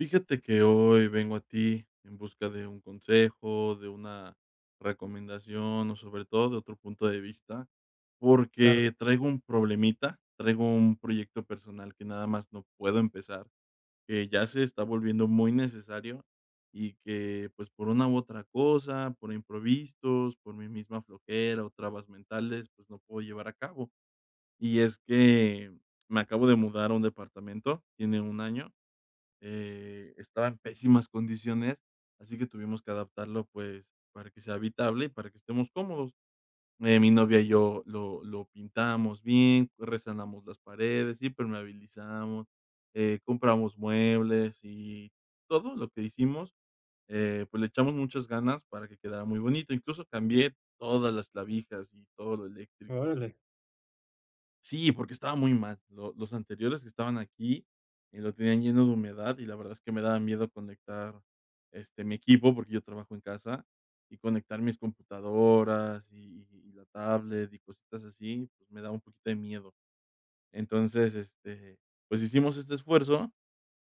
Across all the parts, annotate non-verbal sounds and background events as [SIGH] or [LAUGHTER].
Fíjate que hoy vengo a ti, en busca de un consejo, de una recomendación, o sobre todo de otro punto de vista. Claro. Porque traigo un problemita. Traigo un proyecto personal, que nada más no puedo empezar, que ya se está volviendo muy necesario, y que, pues, por una u otra cosa, por imprevistos, por mi misma flojera o trabas mentales, pues, no puedo llevar a cabo. Y es que, me acabo de mudar a un departamento, tiene 1 año. Eh, estaba en pésimas condiciones, así que tuvimos que adaptarlo, pues, para que sea habitable y para que estemos cómodos, eh, mi novia y yo lo lo pintamos bien, lo resanamos las paredes, impermeabilizamos, eh, compramos muebles. Y, todo lo que hicimos, eh, pues le echamos muchas ganas, para que quedara muy bonito. Incluso cambié todas las clavijas y todo lo eléctrico. Órale. Sí, porque estaba muy mal. Lo los anteriores que estaban aquí, y lo tenían lleno de humedad, y la verdad es que me daba miedo conectar, este, mi equipo, porque yo trabajo en casa. Y conectar mis computadoras, y y la tablet, y cositas así, pues me daba un poquito de miedo. Entonces, este, pues hicimos este esfuerzo.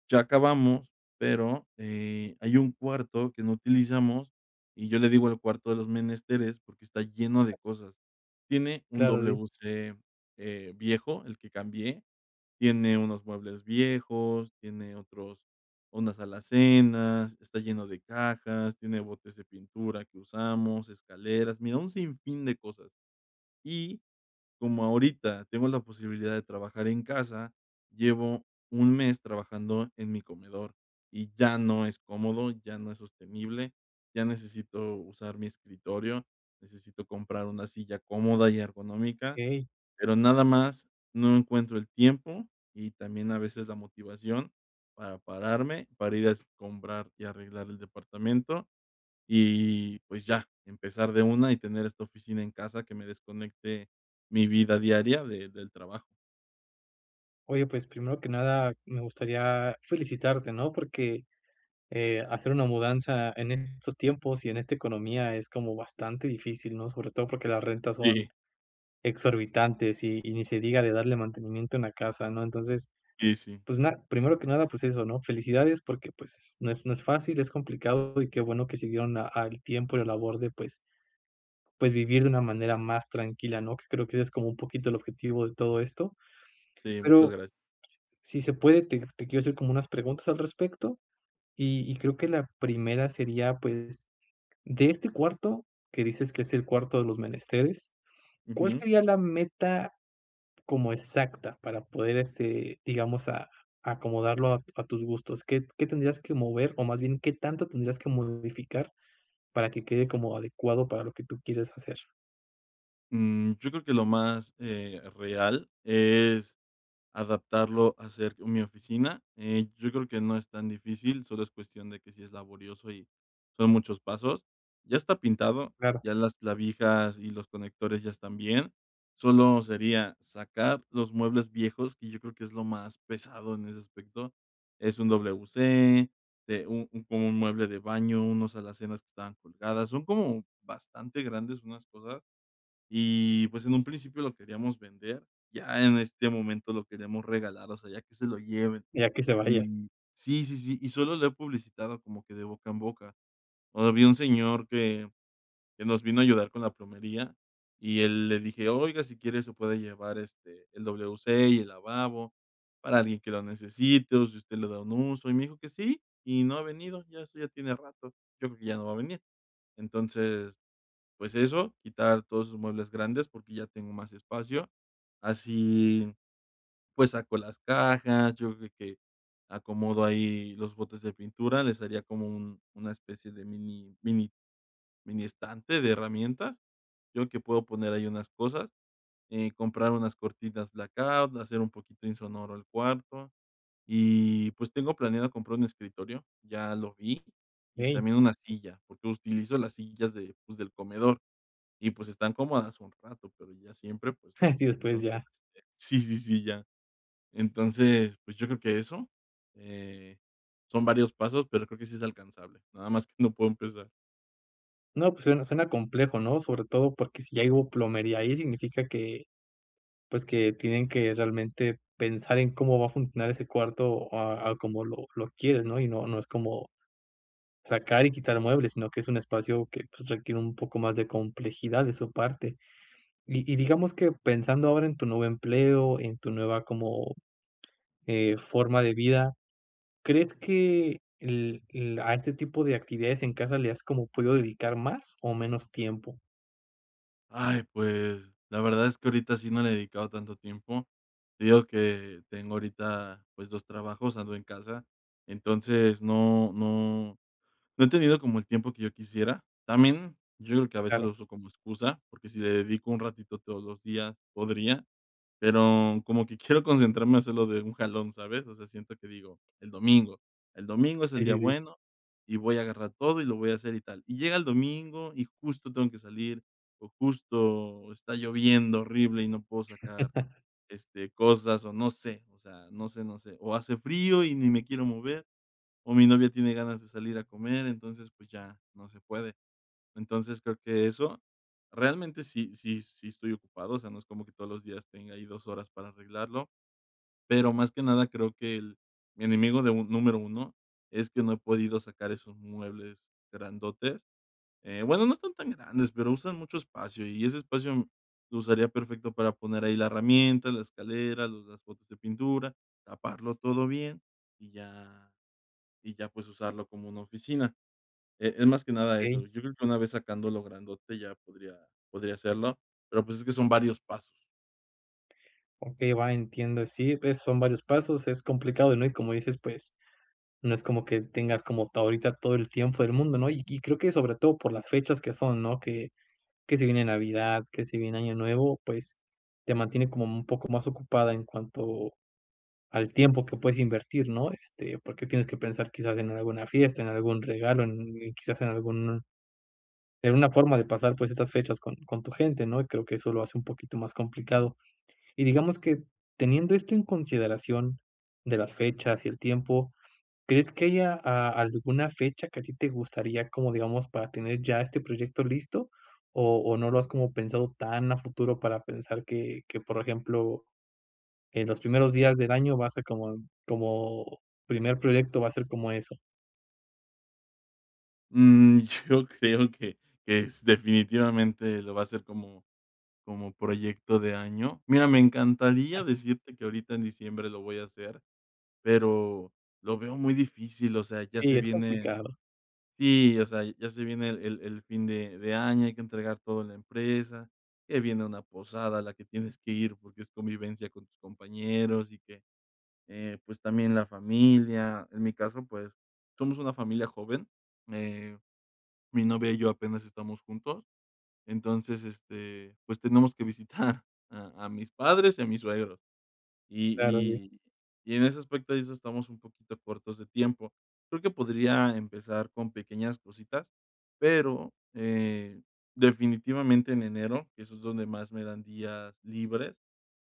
Ya acabamos, pero, eh, hay un cuarto que no utilizamos, y yo le digo el cuarto de los menesteres, porque está lleno de cosas. Tiene un Claro, sí. WC, eh, viejo, el que cambié. Tiene unos muebles viejos, tiene otros Unas alacenas, está lleno de cajas, tiene botes de pintura que usamos, escaleras, mira, un sin fin de cosas. Y, como ahorita tengo la posibilidad de trabajar en casa, llevo 1 mes trabajando en mi comedor, y ya no es cómodo, ya no es sostenible, ya necesito usar mi escritorio. Necesito comprar 1 silla cómoda y ergonómica. Okey. Pero nada más, no encuentro el tiempo. Y también a veces, la motivación para pararme, para ir a escombrar y arreglar el departamento. Y, pues ya, empezar de una. Y tener esta oficina en casa, que me desconecte, mi vida diaria de del trabajo. Oye, pues primero que nada me gustaría felicitarte, ¿no? Porque, eh, hacer una mudanza en estos tiempos y en esta economía es como bastante difícil, ¿no? Sobre todo porque las rentas son Sí. exorbitantes y y ni se diga de darle mantenimiento en la casa, ¿no? Entonces, Sí, sí. pues na primero que nada, pues eso, ¿no? Felicidades porque, pues, s no es no es fácil, es complicado, y qué bueno que se dieron a al tiempo y la labor de, pues pues, vivir de una manera más tranquila, ¿no? Que creo que ese es como un poquito el objetivo de todo esto. Sí, muchas Pero s gracias. si se puede, te te quiero hacer como unas preguntas al respecto, y y creo que la primera sería, pues, de este cuarto, que dices que es el cuarto de los menesteres, ¿cuál Ujú. sería la meta como exacta para poder, este, digamos, a acomodarlo a tus gustos?, ¿qué qué tendrías que mover? O más bien, ¿qué tanto tendrías que modificar para que quede como adecuado para lo que tú quieres hacer? Mm, yo creo que lo más, eh, real es adaptarlo a ser mi oficina. Eh, yo creo que no es tan difícil, solo es cuestión de que si es laborioso y son muchos pasos. Ya está pintado, Claro. ya las clavijas y los conectores ya están bien. Solo sería sacar los muebles viejos, que yo creo que es lo más pesado en ese aspecto. Es un WC, de u u un como un mueble de baño, unos alacenas que estaban colgadas. Son como bastante grandes unas cosas, y, pues, en un principio lo queríamos vender, ya en este momento lo queremos regalar, o sea, ya que se lo lleven. Ya que se vaya. Y Sí, sí, sí, y solo lo he publicitado como que de boca en boca. O había un señor que que nos vino a ayudar con la plomería y él le dije: "Oiga, si quiere se puede llevar, este, el WC y el lavabo para alguien que lo necesite, o si usted le da un uso", y me dijo que sí, y no ha venido, ya eso ya tiene rato, yo creo que ya no va a venir. Entonces, pues eso, quitar todos esos muebles grandes porque ya tengo más espacio, así, pues, saco las cajas, yo creo que acomodo ahí los botes de pintura, les haría como un una especie de mini mini mini estante de herramientas. Yo que puedo poner ahí unas cosas. Eh, comprar unas cortinas blackout, hacer un poquito insonoro al cuarto, y, pues, tengo planeado comprar un escritorio, ya lo vi, y Okey. también una silla, porque utilizo las sillas de, pues, del comedor, y, pues, están cómodas un rato, pero ya siempre, pues, no. [CHUCKLES] Sí, después Entonces ya. este Sí, sí, sí, ya. Entonces, pues, yo creo que eso, eh, son varios pasos, pero creo que sí es alcanzable. Nada más que no puedo empezar. No, pues suena suena complejo, ¿no? Sobre todo porque si ya hubo plomería ahí, significa que, pues que tienen que realmente pensar en cómo va a funcionar ese cuarto a a como lo lo quieres, ¿no? Y no no es como sacar y quitar muebles, sino que es un espacio que, pues, requiere un poco más de complejidad de su parte. Y y digamos que pensando ahora en tu nuevo empleo, en tu nueva, como, eh, forma de vida, ¿crees que el el, a este tipo de actividades en casa le has como podido dedicar más o menos tiempo? Ay, pues, la verdad es que ahorita sí no le he dedicado tanto tiempo. Te digo que tengo ahorita, pues, 2 trabajos, ando en casa. Entonces, no no no he tenido como el tiempo que yo quisiera. También, yo creo que a veces Claro. lo uso como excusa, porque si le dedico un ratito todos los días, podría. Pero como que quiero concentrarme a hacerlo de un jalón, ¿sabes? O sea, siento que digo, el domingo, el domingo es el Sí, día sí, sí. bueno y voy a agarrar todo y lo voy a hacer y tal. Y llega el domingo y justo tengo que salir o justo está lloviendo horrible y no puedo sacar, [CHUCKLES] este, cosas o no sé, o sea, no sé, no sé. O hace frío y ni me quiero mover, o mi novia tiene ganas de salir a comer, entonces, pues ya, no se puede. Entonces, creo que eso, realmente sí sí sí estoy ocupado, o sea, no es como que todos los días tenga ahí 2 horas para arreglarlo. Pero más que nada creo que el mi enemigo de un número 1 es que no he podido sacar esos muebles grandotes, eh, bueno, no están tan grandes, pero usan mucho espacio y ese espacio lo usaría perfecto para poner ahí la herramienta, la escalera, los las botes de pintura, taparlo todo bien, y ya y ya, pues, usarlo como una oficina, eh, es más que nada eso, Okey. yo creo que una vez sacándolo grandote ya podría podría hacerlo, pero pues es que son varios pasos. Okey, va, entiendo, sí, pues son varios pasos, es complicado, ¿no? Y, como dices, pues no es como que tengas como todo ahorita todo el tiempos del mundo, ¿no? Y y creo que, sobre todo por las fechas que son, ¿no? Que que se viene Navidad, que si viene Año Nuevo, pues te mantiene como un poco más ocupado en cuanto al tiempo que puedes invertir, ¿no? Este, porque tienes que pensar quizás en alguna fiesta, en algún regalo, en un quizás en alguna en una forma de pasar, pues, estas fechas con con tu gente, ¿no? Y creo que eso lo hace un poquito más complicado. Y, digamos que, teniendo esto en consideración, de las fechas y el tiempo, ¿crees que haya a alguna fecha que a ti te gustaría, como, digamos, para tener ya este proyecto listo, o o no lo has como pensado tan a futuro para pensar que que, por ejemplo, en los primeros días del año vas a como como primer proyecto va a ser como eso? Mm, yo creo que que es definitivamente lo voy a hacer como como proyecto de año. Mira, me encantaría decirte que ahorita en diciembre lo voy a hacer, pero lo veo muy difícil, o sea, ya se Sí, es viene complicado. sí, o sea, ya se viene el el el fin de de año, hay que entregar todo en la empresa, que viene una posada a la que tienes que ir porque es convivencia con tus compañeros, y que, eh, pues, también la familia, en mi caso, pues, somos una familia joven, eh, mi novia y yo apenas estamos juntos. Entonces, este, pues, tenemos que [CHUCKLES] visitar a a mis padres y a mis suegros. Y Claro, sí. y y en ese aspecto de eso estamos un poquito cortos de tiempo. Creo que podría empezar con pequeñas cositas, pero, eh, definitivamente en enero, eso es donde más me dan días libres,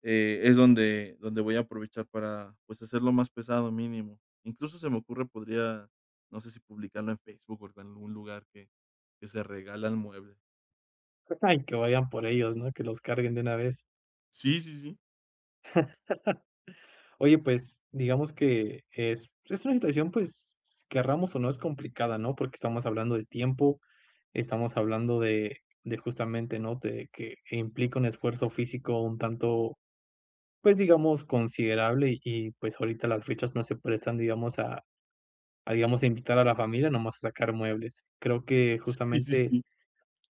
eh, es donde donde voy a aprovechar para, pues, hacer lo más pesado mínimo. Incluso se me ocurre, podría, no sé si publicarlo en Facebook o en algún lugar que que se regalan muebles. [UNINTELLIGIBLE] que vayan por ellos, ¿no? Que los carguen de una vez. Sí, sí, sí. [CHUCKLES] Oye pues digamos que es es una situación, pues queramos o no, es complicada, ¿no? Porque estamos hablando de tiempo, estamos hablando de de justamente, ¿no?, de que implica un esfuerzo físico un tanto pues digamos considerable, y pues ahorita las fechas no se prestan, digamos, a a digamos, a invitar a la familia nada más a sacar muebles. Creo que Sí, sí, justamente sí.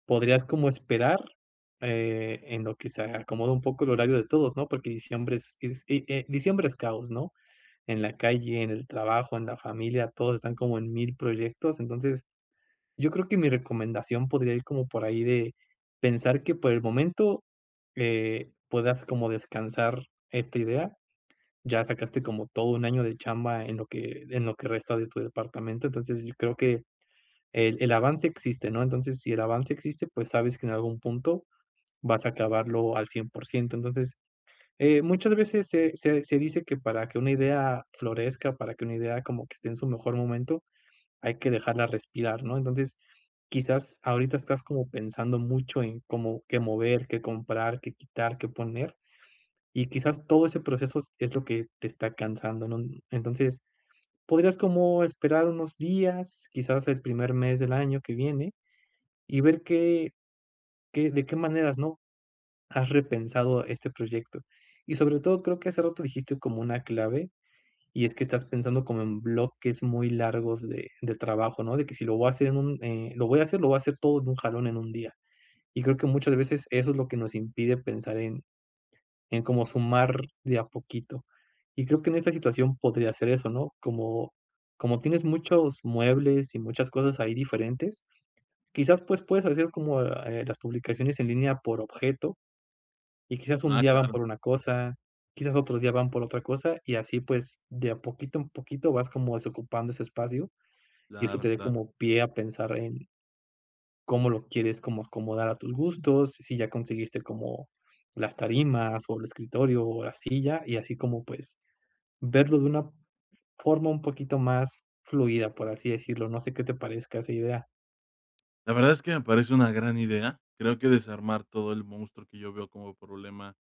podrías como esperar, eh, en lo que se acomoda un poco el horario de todos, ¿no?, porque diciembre es es, eh eh, diciembre es caos, ¿no? En la calle, en el trabajo, en la familia, todos están como en mil proyectos, entonces, yo creo que mi recomendación podría ir como por ahí de pensar que, por el momento, eh, puedas como descansar esta idea. Ya sacaste como todo un año de chamba en lo que en lo que resta de tu departamento, entonces yo creo que el el avance existe, ¿no? Entonces, si el avance existe, pues sabes que en algún punto vas a acabarlo al cien por ciento. Entonces, eh, muchas veces se se se dice que para que una idea florezca, para que una idea como que esté en su mejor momento, hay que dejarla respirar, ¿no? Entonces, quizás ahorita estás como pensando mucho en, ¿cómo qué mover, qué comprar, qué quitar, qué poner?, y quizás todo ese proceso es lo que te está cansando, ¿no? Entonces, podrías como esperar unos días, quizás el primer mes del año que viene, y ver qué qué de qué maneras, ¿no?, has repensado este proyecto y, sobre todo, creo que hace rato dijiste como una clave y es que estás pensando como en bloques muy largos de de trabajo, ¿no? De que sí lo voy a hacer en un, eh, lo voy a hacer lo voy a hacer todo en un jalón, en 1 día, y creo que muchas veces eso es lo que nos impide pensar en en cómo sumar de a poquito, y creo que en esta situación podría ser eso, ¿no?, como como tienes muchos muebles y muchas cosas ahí diferentes, quizás pues puedes hacer como, eh, las publicaciones en línea por objeto y quizás un Ah, día van claro. por una cosa, quizás otro día van por otra cosa y así pues de a poquito en poquito vas como desocupando ese espacio y eso Claro, te dé claro. como pie a pensar en cómo lo quieres como acomodar a tus gustos. Si ya conseguiste como las tarimas o el escritorio o la silla y así como, pues verlo de una forma un poquito más fluida, por así decirlo, no sé qué te parezca esa idea. La verdad es que me parece una gran idea. Creo que desarmar todo el monstruo que yo veo como problema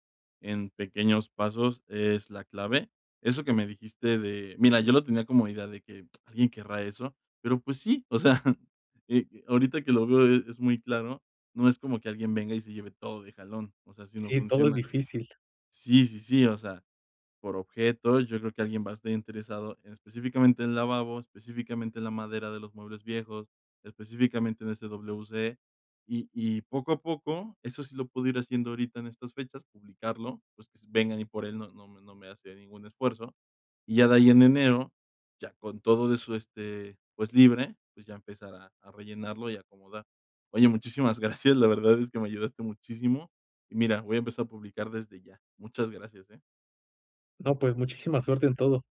en pequeños pasos es la clave. Eso que me dijiste de mira, yo lo tenía como idea de que: "¿Alguien querrá eso?", pero, pues sí, o sea, eh, ahorita que lo veo es muy claro, no es como que alguien venga y se lleve todo de jalón, o sea, así no Sí, todo es funciona. difícil. Sí, sí, sí, o sea, por objeto, yo creo que alguien va a estar interesado en específicamente en lavabos, específicamente en la madera de los muebles viejos, específicamente en ese WC, y y poco a poco, eso sí lo puedo ir haciendo ahorita en estas fechas, publicarlo, pues, que s vengan ahí por él no no me no me hace ningún esfuerzo, y ya de ahí en enero, ya con todo de su este, pues, libre, pues, ya empezar a a rellenarlo y acomodar. Oye, muchísimas gracias, la verdad es que me ayudaste muchísimo. Y mira, voy a empezar a publicar desde ya. Muchas gracias, eh. No, pues, muchísima suerte en todo.